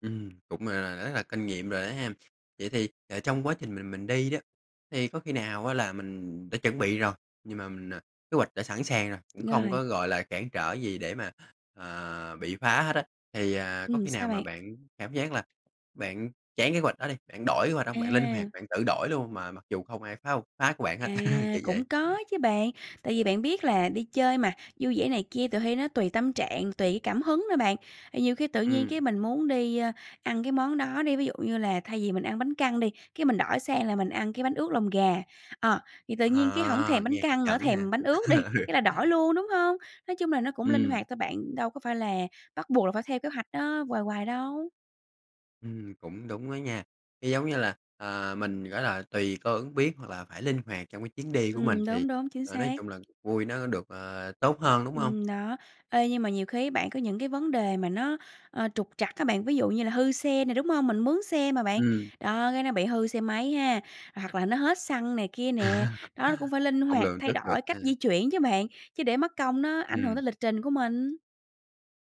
Ừm, cũng, gọi là, rất là kinh nghiệm rồi đó hen? Vậy thì, ờ, trong quá trình mình mình đi đó, thì có khi nào á là mình đã chuẩn bị rồi, nhưng mà mình à, kế hoạch đã sẵn sàng rồi, cũng không Rồi. có, gọi là, cản trở gì để mà, à, bị phá hết á, thì, à, có Ừm, khi nào sao mà bạn? bạn cảm giác là bạn chán kế hoạch đó đi, bạn đổi kế hoạch hông? Bạn linh hoạt, À. bạn tự đổi luôn mà mặc dù không ai phá hông phá của bạn hết, À, kiểu vậy? cũng có chứ bạn, tại vì bạn biết là đi chơi mà, vui vẻ này kia tuỳ hy nó tùy tâm trạng, tùy cái cảm hứng nữa bạn. À, nhiều khi tự nhiên Ừm. cái mình muốn đi, ơ, ăn cái món đó đi, ví dụ như là thay vì mình ăn bánh căn đi, cái mình đổi sang là mình ăn cái bánh ướt lòng gà. Ờ, thì tự nhiên cái hổng À, thèm bánh nghe hấp căn nữa, dẫn nha. thèm bánh ướt đi, Ừ. cái là đổi luôn, đúng hông? Nói chung là nó cũng linh Ừm. hoạt thôi bạn, đâu có phải là bắt buộc là phải theo kế hoạch đó hoài hoài đâu. Ừm, cũng đúng đó nha, cái, giống như là, à, mình, gỏi là, tùy cơ ứng biến, hoặc là phải linh hoạt trong cái chuyến đi của mình, Ừm, thì, đúng, đúng, chính ờ, nói xác. chung là cuộc vui nó được, ờ, tốt hơn, đúng hông? Ừm, đó, ê, nhưng mà nhiều khi á bạn, có những cái vấn đề mà nó, ờ, trục trặc á bạn, ví dụ như là hư xe nè, đúng hông? Mình mướn xe mà bạn, Ừm. đó, cái nó bị hư xe máy ha, hoặc là nó hết xăng này kia nè, đó, nó cũng phải linh Hông hoạt lường thay trước được đổi ha? cách di chuyển chứ bạn, chứ để mất công nó ảnh hưởng tới Ừm. lịch trình của mình.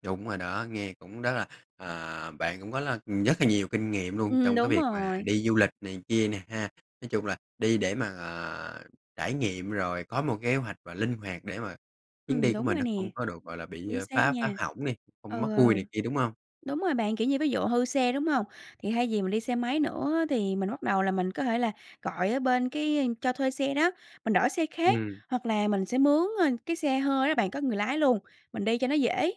Đúng rồi đó, nghe cũng rất là, à, bạn cũng có là nhất là nhiều kinh nghiệm luôn Ừm, trong cái đúng việc mà rồi. đi du lịch này kia nè ha? Nói chung là đi để mà, à, trải nghiệm rồi có một kế hoạch và linh hoạt để mà chuyến Ừm, đi của đúng mình rồi nó nè, không có được, gọi là, bị, chính à, xác phá nha. phá hỏng đi, không mất Ừ, ừ. vui này kia, đúng hông? Đúng rồi bạn, kiểu như, ví dụ hư xe, đúng hông? Thì hay vì mình đi xe máy nữa á thì mình bắt đầu là mình có thể là gọi ở bên cái cho thuê xe đó, mình đổi xe khác, Ừm. hoặc là mình sẽ mướn, ơ, cái xe hơi đó bạn, có người lái luôn, mình đi cho nó dễ.